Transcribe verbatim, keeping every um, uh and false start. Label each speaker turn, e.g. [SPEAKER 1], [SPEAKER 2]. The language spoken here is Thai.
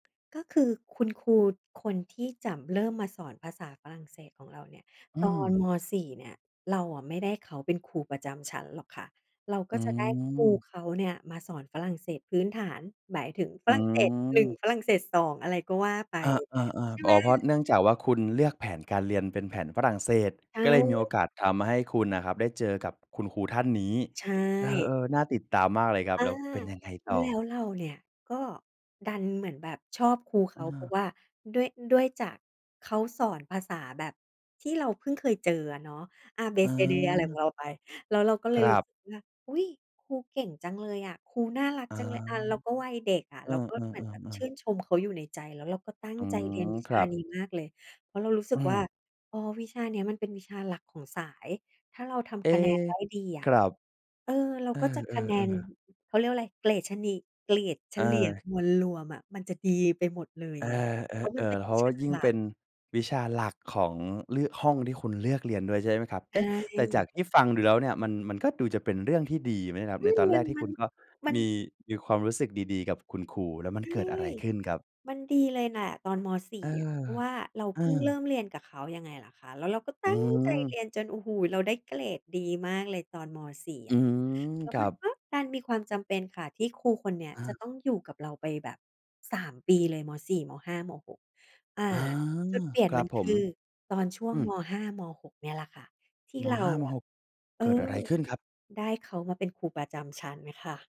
[SPEAKER 1] ก็คือคุณครูคนที่จะเริ่มมาสอนภาษาฝรั่งเศสของเราเนี่ย
[SPEAKER 2] อื
[SPEAKER 1] ตอน
[SPEAKER 2] ม
[SPEAKER 1] ม. สี่ เนี่ย เราอะไม่ได้เขาเป็นครูประจำชั้นหรอกค่ะ เรา
[SPEAKER 2] อ
[SPEAKER 1] ก
[SPEAKER 2] ื
[SPEAKER 1] ็จะได้ครู
[SPEAKER 2] ม
[SPEAKER 1] เขาเนี่ยมาสอนฝรั่งเศสพื้นฐาน หมายถึงฝ
[SPEAKER 2] อ
[SPEAKER 1] รั่งเศส หนึ่ง
[SPEAKER 2] ืม
[SPEAKER 1] ฝรั่งเศส สอง อะไรก็ว่าไป
[SPEAKER 2] อา
[SPEAKER 1] ใช่ไ
[SPEAKER 2] ๆ ๆ อ๋อ เพ
[SPEAKER 1] ห
[SPEAKER 2] ราะ
[SPEAKER 1] ม
[SPEAKER 2] เนื่องจากว่า คุณเลือกแผนการเรียนเป็นแผนฝรั่งเศส
[SPEAKER 1] ใช
[SPEAKER 2] ก็เลยมีโอกา
[SPEAKER 1] ่
[SPEAKER 2] สทำให้คุณน่ะครับ ได้เจอกับคุณครูท่านนี้
[SPEAKER 1] ใช
[SPEAKER 2] เอ
[SPEAKER 1] ่
[SPEAKER 2] อ ๆ น่าติดตามมากเลยครับ
[SPEAKER 1] อา
[SPEAKER 2] แล้วเป็นยังไงต่
[SPEAKER 1] แล้ว
[SPEAKER 2] อ?
[SPEAKER 1] เราเนี่ยก็ดันเหมือนแบบชอบครูเข
[SPEAKER 2] อื
[SPEAKER 1] า เพรา
[SPEAKER 2] อ
[SPEAKER 1] ะว่าด้วย ด้วยจากเขาสอนภาษาแบบที่เราเพิ่งเคยเจออะเนาะ อา เบ
[SPEAKER 2] อ๋
[SPEAKER 1] เซ เด อะไรข
[SPEAKER 2] อ
[SPEAKER 1] องเราไป แล้วเราก็เล
[SPEAKER 2] ค
[SPEAKER 1] ย
[SPEAKER 2] ร
[SPEAKER 1] รู
[SPEAKER 2] ั
[SPEAKER 1] ้
[SPEAKER 2] บ
[SPEAKER 1] สึกว่า อุ๊ย! ครูเก่งจังเลยอะ ครูน่ารัก
[SPEAKER 2] อ๋อ
[SPEAKER 1] จังเลย อ่า เราก็วัยเด็กอะ
[SPEAKER 2] เออ
[SPEAKER 1] เราก็เหมือนแบบช
[SPEAKER 2] ๆ
[SPEAKER 1] ื
[SPEAKER 2] ๆ
[SPEAKER 1] ่
[SPEAKER 2] ๆ
[SPEAKER 1] นชมเขาอยู่ในใจ แล้วเราก็ตั้ง
[SPEAKER 2] อื
[SPEAKER 1] ใจเรีย
[SPEAKER 2] ม
[SPEAKER 1] นวิ
[SPEAKER 2] ค
[SPEAKER 1] ช
[SPEAKER 2] ร
[SPEAKER 1] า
[SPEAKER 2] ับ
[SPEAKER 1] นี้มากเลย เพราะเรารู้สึ
[SPEAKER 2] อื
[SPEAKER 1] กว่า
[SPEAKER 2] ม
[SPEAKER 1] อ๋อ วิชานี้ มันเป็นวิชาหลักของสาย ถ้าเราท
[SPEAKER 2] เอ๊
[SPEAKER 1] ำคะแนนได้ดีอ
[SPEAKER 2] ค
[SPEAKER 1] ะ
[SPEAKER 2] รับ
[SPEAKER 1] เออ เรา
[SPEAKER 2] เอ
[SPEAKER 1] ก็จะคะแน
[SPEAKER 2] อ
[SPEAKER 1] น
[SPEAKER 2] ๆ ๆ
[SPEAKER 1] เขาเรียกว่าอะไร เกรดชะนี เกรดเฉลี่ย
[SPEAKER 2] เออ
[SPEAKER 1] มวลรวมอะ มันจะดีไปหมดเลย
[SPEAKER 2] เอ
[SPEAKER 1] ไง เพราะมันเ
[SPEAKER 2] อ
[SPEAKER 1] ป็
[SPEAKER 2] ๆ
[SPEAKER 1] น
[SPEAKER 2] ๆ เพร
[SPEAKER 1] วิ
[SPEAKER 2] าะว
[SPEAKER 1] ช
[SPEAKER 2] ่
[SPEAKER 1] า
[SPEAKER 2] ายิ่ง
[SPEAKER 1] หลั
[SPEAKER 2] เป
[SPEAKER 1] ก
[SPEAKER 2] ็นวิชาหลักของ ล ห้องที่คุณเลือกเรียนด้วย ใช่ไหมครับ
[SPEAKER 1] ใ
[SPEAKER 2] เ
[SPEAKER 1] ช
[SPEAKER 2] อ๊ะ แต่จา
[SPEAKER 1] ่
[SPEAKER 2] กที่ฟังดูแล้วเนี่ยมัน มันก็ดูจะเป็นเรื่องที่ดีนะครับ
[SPEAKER 1] อื
[SPEAKER 2] ใน
[SPEAKER 1] อ
[SPEAKER 2] ตอนแ
[SPEAKER 1] ม
[SPEAKER 2] ร
[SPEAKER 1] ั
[SPEAKER 2] ก
[SPEAKER 1] น
[SPEAKER 2] ที่
[SPEAKER 1] มั
[SPEAKER 2] คุ
[SPEAKER 1] น
[SPEAKER 2] ณก็
[SPEAKER 1] มัน
[SPEAKER 2] มี
[SPEAKER 1] มัน
[SPEAKER 2] มีความรู้สึกดี ๆ กับคุณครู แล้วมัน
[SPEAKER 1] ใช่
[SPEAKER 2] เกิดอะไรขึ้นครับ?
[SPEAKER 1] มันดีเลยแหละตอน ม. สี่
[SPEAKER 2] เออ
[SPEAKER 1] อะ เพราะว่าเรา
[SPEAKER 2] เอ
[SPEAKER 1] เพิ่งเริ
[SPEAKER 2] อ
[SPEAKER 1] ่มเรียนกับเขายังไงล่ะคะ แล้วเราก็ต
[SPEAKER 2] อ
[SPEAKER 1] ั
[SPEAKER 2] ื
[SPEAKER 1] ้งใจเ
[SPEAKER 2] ม
[SPEAKER 1] รียนจน โอ้โฮ เราได้เกรดดีมากเลย ตอน ม. สี่
[SPEAKER 2] อ
[SPEAKER 1] อ
[SPEAKER 2] ื
[SPEAKER 1] ะ
[SPEAKER 2] ม
[SPEAKER 1] แล้ว
[SPEAKER 2] คร
[SPEAKER 1] ม
[SPEAKER 2] ั
[SPEAKER 1] ัน
[SPEAKER 2] บ
[SPEAKER 1] ก็ดันมีความจำเป็นค่ะ ที่ครูคนนี้
[SPEAKER 2] อ
[SPEAKER 1] จ
[SPEAKER 2] า
[SPEAKER 1] ะต้องอยู่กับเราไปแบบ สาม ปีเลย ม. สี่ ม. ห้า ม. หก อา
[SPEAKER 2] อา
[SPEAKER 1] จุดเปลี่ยน
[SPEAKER 2] คร
[SPEAKER 1] ม
[SPEAKER 2] ั
[SPEAKER 1] ั
[SPEAKER 2] บ
[SPEAKER 1] น
[SPEAKER 2] ผ
[SPEAKER 1] ค
[SPEAKER 2] ม
[SPEAKER 1] ือตอนช่ว
[SPEAKER 2] อ
[SPEAKER 1] ง
[SPEAKER 2] ืม
[SPEAKER 1] ม. ห้า ม. หก เนี่ยล่ะค่ะ ที่
[SPEAKER 2] ม.
[SPEAKER 1] เรา
[SPEAKER 2] ห้า ม.
[SPEAKER 1] อะ
[SPEAKER 2] หก
[SPEAKER 1] เออ
[SPEAKER 2] เกิดอะไรขึ้นครับ?
[SPEAKER 1] ได้เขามาเป็นครูประจำชั้นค่ะ